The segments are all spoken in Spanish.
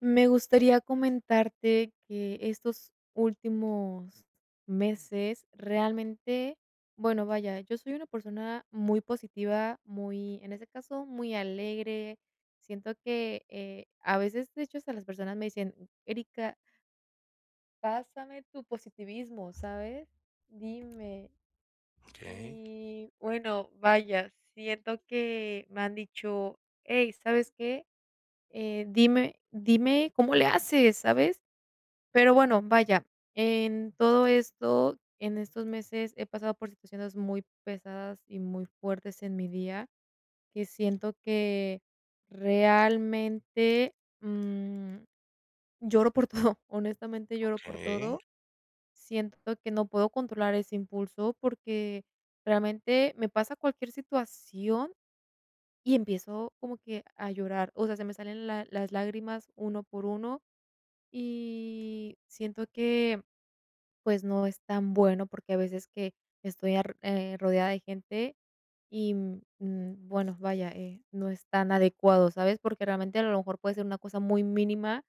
Me gustaría comentarte que estos últimos meses realmente bueno, vaya, yo soy una persona muy positiva, muy en ese caso, muy alegre. Siento que, eh, a veces de hecho, hasta las personas me dicen: "Erika" "pásame tu positivismo", ¿sabes? Dime. Okey. Y bueno, vaya, siento que me han dicho: "Ey, ¿sabes qué? Eh, dime dime cómo le haces", ¿sabes? Pero bueno, vaya en todo esto, en estos meses he pasado por situaciones muy pesadas y muy fuertes en mi día que siento que realmente, mm, lloro por todo. Honestamente, lloro por Okey. todo. Siento que no puedo controlar ese impulso porque realmente me pasa cualquier situación y empiezo como que a llorar. O sea, se me salen la las lágrimas uno por uno y siento que, pues, no es tan bueno porque a veces que estoy ar eh, rodeada de gente y, mm, bueno, vaya, eh, no es tan adecuado, ¿sabes? Porque realmente a lo mejor puede ser una cosa muy mínima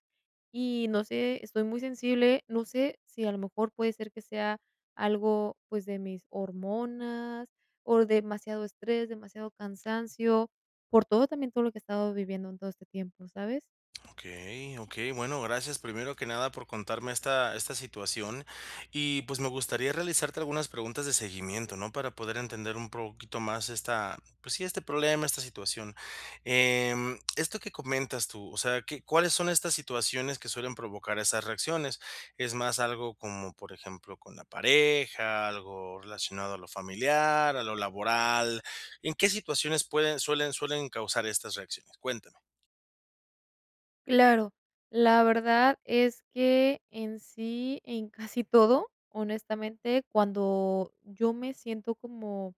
y no sé, estoy muy sensible. No sé si a lo mejor puede ser que sea algo, pues, de mis hormonas o demasiado estrés, demasiado cansancio por todo también, todo lo que he estado viviendo en todo este tiempo, ¿sabes? Okey okey. Bueno, gracias. Primero que nada por contarme esta esta situación. Y, pues, me gustaría realizarte algunas preguntas de seguimiento, ¿no?, para poder entender un poquito más esta, pues, sí, este problema, esta situación. Em, esto que comentas tú, o sea, ¿qué cuáles son estas situaciones que suelen provocar esas reacciones? Es más algo como, por ejemplo, con la pareja, algo relacionado a lo familiar, a lo laboral, ¿en qué situaciones pueden suelen suelen causar estas reacciones? Cuéntame. Claro. La verdad es que en sí, en casi todo, honestamente, cuando yo me siento como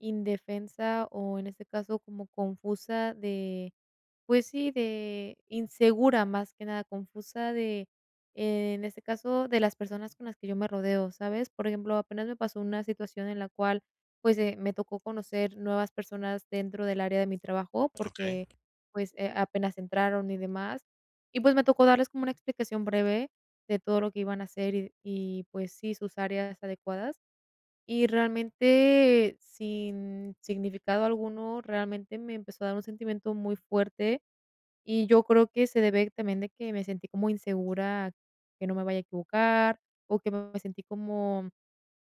indefensa, o, en este caso, como confusa de, pues, sí, de insegura, más que nada, confusa de, en este caso, de las personas con las que yo me rodeo, ¿sabes? Por ejemplo, apenas me pasó una situación en la cual, pues, eh, me tocó conocer nuevas personas dentro del área de mi trabajo, Okey. porque, pues, eh, apenas entraron y demás. Y, pues, me tocó darles como una explicación breve de todo lo que iban a hacer, y de y, pues, sí, sus áreas adecuadas. Y, realmente, sin significado alguno, realmente, me empezó a dar un sentimiento muy fuerte, y yo creo que se debe también de que me sentí como insegura que no me vaya a equivocar o que me sentí como,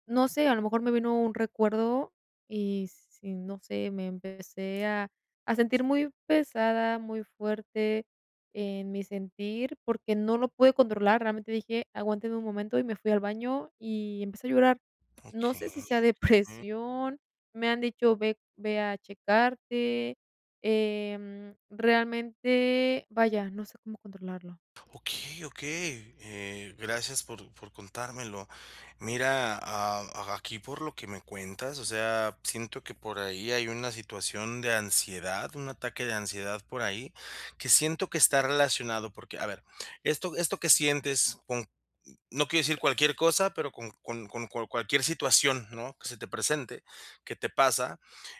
no sé, a lo mejor, me vino un recuerdo. Y sí, no sé, me empecé a a sentir muy pesada, muy fuerte en mi sentir, porque no lo pude controlar. Realmente, dije: "Aguántenme un momento", y me fui al baño y empecé a llorar. No sé, si Okey, sea mm. depresión. Me han dicho ve ve a checarte, em, realmente, vaya, no sé cómo controlarlo. Okey, okey. Eh, gracias por por contármelo. Mira, am, aquí, por lo que me cuentas, o sea, siento que por ahí hay una situación de ansiedad, un ataque de ansiedad por ahí. Que siento que está relacionado, porque, a ver, esto esto que sientes con no quiero decir cualquier cosa, pero con con con con cual cualquier situación, ¿no?, que se te presente, que te pasa,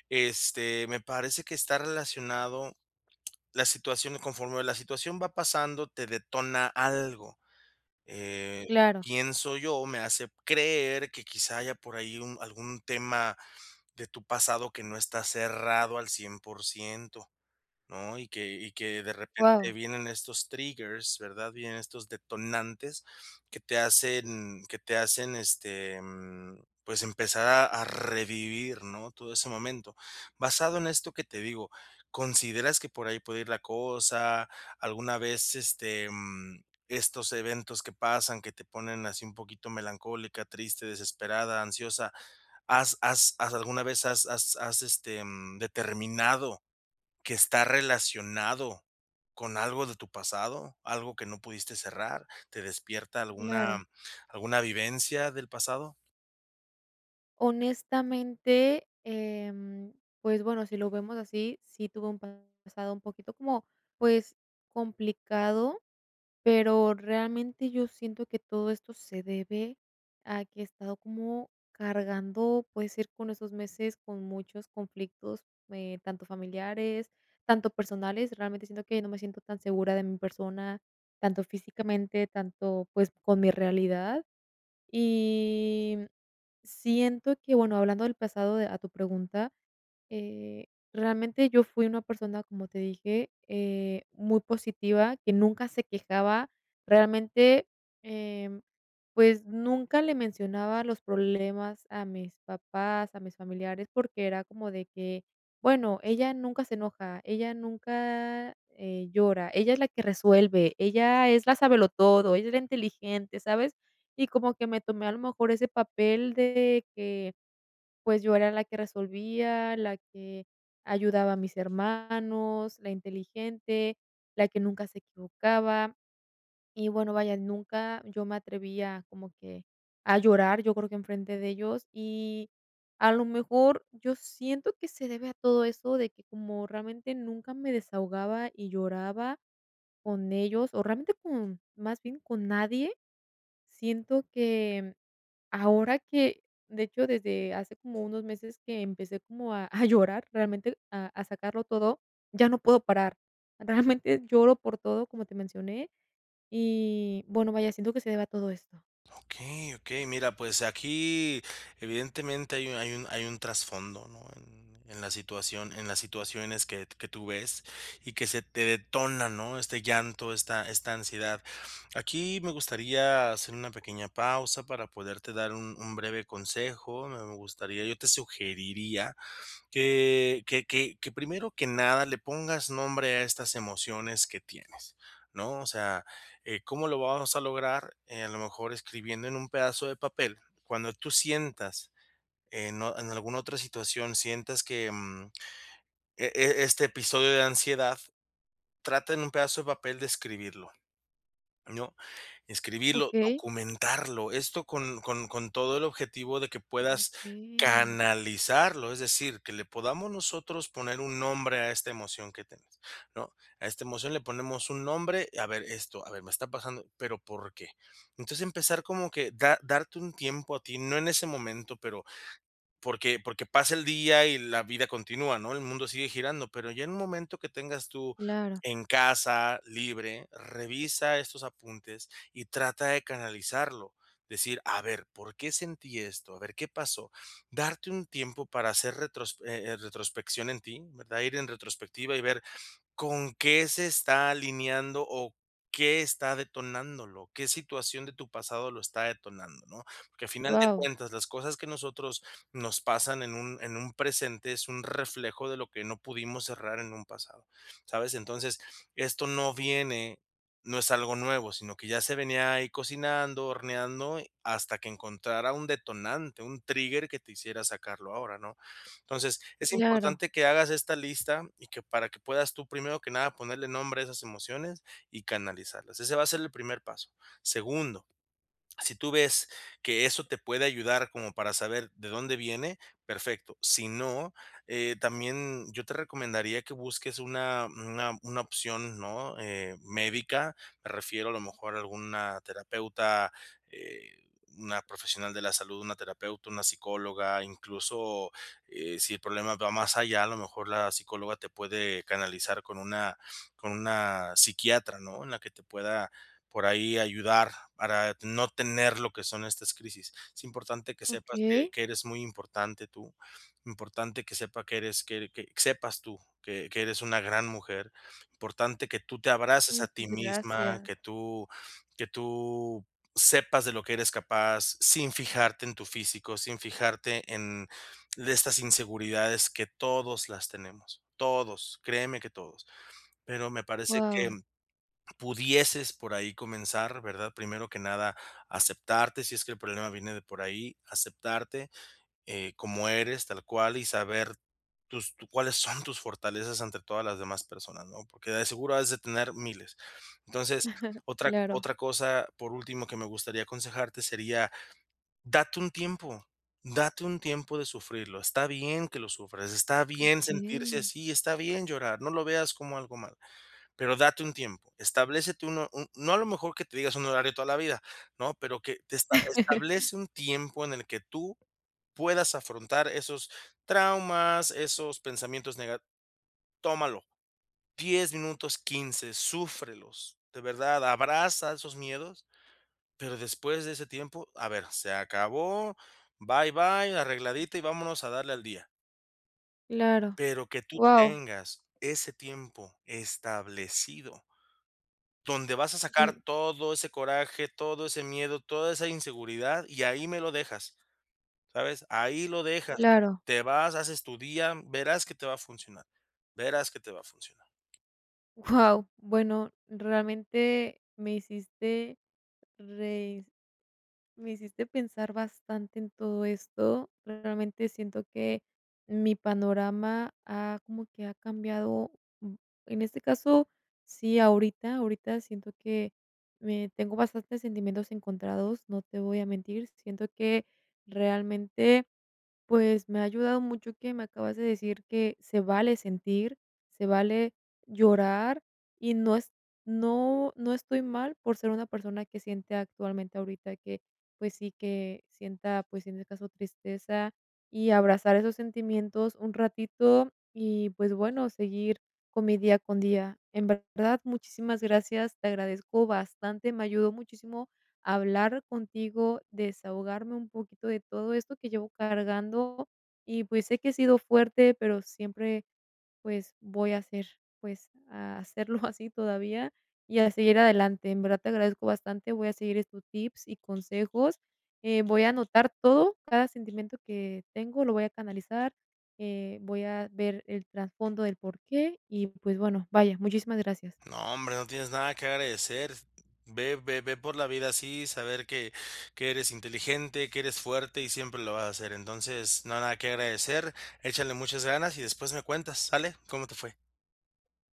este, me parece que está relacionado la situación conforme la situación va pasando, te detona algo. Eh, Claro. pienso yo, me hace creer que, quizá, haya por ahí un algún tema de tu pasado que no está cerrado al 100%, ¿no? Y que y que, de repente, Guau. vienen estos triggers, ¿verdad? Vienen estos detonantes que te hacen que te hacen, este, em, pues, empezar a a revivir, ¿no?, todo ese momento. Basado en esto que te digo, ¿consideras que por ahí puede ir la cosa, alguna vez, este, em, estos eventos que pasan, que te ponen así un poquito melancólica, triste, desesperada, ansiosa, ¿has has has alguna vez has has has, este, mm, determinado que está relacionado con algo de tu pasado, algo que no pudiste cerrar? ¿Te despierta alguna Claro. alguna vivencia del pasado? Honestamente, em, pues, bueno, si lo vemos así, sí tuve un pasado un poquito como, pues, complicado. Pero realmente yo siento que todo esto se debe a que he estado como cargando, puede ser, con esos meses, con muchos conflictos, eh, tanto familiares, tanto personales. Realmente siento que no me siento tan segura de mi persona, tanto físicamente tanto, pues, con mi realidad. Y, mm, siento que, bueno, hablando del pasado de a tu pregunta, eh, realmente yo fui una persona, como te dije, eh, muy positiva, que nunca se quejaba, realmente, em, pues, nunca le mencionaba los problemas a mis papás, a mis familiares, porque era como de que: "Bueno, ella nunca se enoja, ella nunca, eh, llora, ella es la que resuelve, ella es la sabelotodo, ella es la inteligente", ¿sabes? Y como que me tomé, a lo mejor, ese papel de que, pues, yo era la que resolvía, la que ayudaba a mis hermanos, la inteligente, la que nunca se equivocaba. Y bueno, vaya, nunca yo me atreví a como que a llorar, yo creo que enfrente de ellos, y, a lo mejor, yo siento que se debe a todo eso de que como realmente nunca me desahogaba y lloraba con ellos, o, realmente con más bien con nadie. Siento que, mm, ahora que, de hecho, desde hace como unos meses que empecé como a a llorar, realmente a a sacarlo todo, ya no puedo parar. Realmente lloro por todo, como te mencioné, y bueno, vaya, siento que se deba a todo esto. Okey, okey. Mira, pues, aquí, evidentemente, hay un hay un hay un trasfondo, ¿no?, en en la situación en las situaciones que que tú ves y que se te detona, ¿no?, este llanto, esta esta ansiedad. Aquí, me gustaría hacer una pequeña pausa para poderte dar un un breve consejo, me gustaría yo te sugeriría que que que que primero que nada, le pongas nombre a estas emociones que tienes, ¿no? O sea, eh, ¿cómo lo vamos a lograr?, eh, a lo mejor, escribiendo en un pedazo de papel, cuando tú sientas en o en alguna otra situación sientas que, mm, e e este episodio de ansiedad, trata en un pedazo de papel, de escribirlo, ¿no? Escribirlo, Okey. documentarlo, esto con con con todo el objetivo de que puedas Okey. canalizarlo, es decir, que le podamos nosotros poner un nombre a esta emoción que tienes, ¿no? A esta emoción le ponemos un nombre: "A ver esto, a ver, me está pasando, pero, ¿por qué?". Entonces, empezar, como que da darte un tiempo a ti, no en ese momento, pero porque porque pasa el día y la vida continúa, ¿no?, el mundo sigue girando. Pero ya en un momento que tengas tú, Claro. en casa, libre, revisa estos apuntes y trata de canalizarlo, decir: "A ver, ¿por qué sentí esto? A ver ¿Qué pasó?". Darte un tiempo para hacer retros eh, eh, retrospección en ti, ¿verdad? Ir en retrospectiva y ver con qué se está alineando, o qué está detonándolo, qué situación de tu pasado lo está detonando, ¿no? Porque, al final de Guau. cuentas, las cosas que a nosotros nos pasan en un en un presente, es un reflejo de lo que no pudimos cerrar en un pasado, ¿sabes? Entonces, esto no viene no es algo nuevo, sino que ya se venía ahí cocinando, horneando, hasta que encontrara un detonante, un trigger que te hiciera sacarlo ahora, ¿no? Entonces, es Claro. importante que hagas esta lista y que para que puedas tú, primero que nada, ponerle nombre a esas emociones y canalizarlas, ese va a ser el primer paso. Segundo, si tú ves que eso te puede ayudar como para saber de dónde viene, perfecto, si no, eh también yo te recomendaría que busques una una una opción, ¿no?, eh, médica, me refiero a lo mejor a alguna terapeuta, eh, una profesional de la salud, una terapeuta, una psicóloga. Incluso, eh, si el problema va más allá, a lo mejor, la psicóloga te puede canalizar con una con una psiquiatra, ¿no? En la que te pueda, por ahí ayudar, para no tener lo que son estas crisis. Es importante que sepas que Okey. que eres muy importante tú, importante que sepa que eres que que sepas tú que que eres una gran mujer, importante que tú te abraces a Muchas ti misma, gracias. que tú que tú sepas de lo que eres capaz, sin fijarte en tu físico, sin fijarte en de estas inseguridades que, todos las tenemos, todos, créeme que todos. Pero me parece que Guau. pudieses por ahí comenzar, ¿verdad? Primero que nada, aceptarte, si es que el problema viene de por ahí, aceptarte, eh, como eres, tal cual y saber tus tu ¿cuáles son tus fortalezas ante todas las demás personas, no? Porque, de seguro has de tener miles. Entonces, otra Claro. otra cosa, por último, que me gustaría aconsejarte, sería, date un tiempo, date un tiempo de sufrirlo, está bien que lo sufras, está bien sentirse Okey. así, está bien llorar, no lo veas como algo mal, pero date un tiempo. Establécete un ho no a lo mejor que te digas un horario toda la vida, ¿no?, Pero que te esta establece un tiempo en el que tú puedas afrontar esos traumas, esos pensamientos nega Tómalo, 10 minutos, 15, súfrelos, de verdad, abraza esos miedos. Pero después de ese tiempo, a ver, se acabó, bye, bye, arregladita y vámonos a darle al día. Claro. Pero que tú Guau. tengas ese tiempo establecido donde vas a sacar Em todo ese coraje, todo ese miedo, toda esa inseguridad y ahí me lo dejas, ¿sabes?, ahí lo dejas. Claro. Te vas haces tu día. Verás que te va a funcionar, verás que te va a funcionar. Guau. Bueno, realmente me hiciste reis me hiciste pensar bastante en todo esto. Realmente siento que mi panorama ha, como que ha cambiado, en este caso sí, ahorita, ahorita siento que me tengo bastantes sentimientos encontrados. No te voy a mentir. Siento que realmente, pues, me ha ayudado mucho que me acabas de decir que se vale sentir, se vale llorar y no es no no estoy mal por ser una persona que siente actualmente ahorita que, pues, sí que sienta, pues, en ese caso tristeza y abrazar esos sentimientos un ratito y, pues, bueno, seguir con mi día con día. En verdad muchísimas gracias, te agradezco bastante. Me ayudó muchísimo hablar contigo, desahogarme un poquito de todo esto que llevo cargando y, pues, sé que he sido fuerte, pero siempre, pues, voy a ser, pues, a serlo así todavía y a seguir adelante. En verdad te agradezco bastante. Voy a seguir estos tips y consejos, eh, voy a anotar todo, cada sentimiento que tengo, lo voy a canalizar, eh, voy a ver el trasfondo del porqué y, pues, bueno, vaya, muchísimas gracias. No, hombre, no tienes nada que agradecer. Ve ve ve por la vida así, saber que que eres inteligente, que eres fuerte y siempre lo vas a ser. Entonces, nada que agradecer, échale muchas ganas y después me cuentas ¿sale?, como te fue.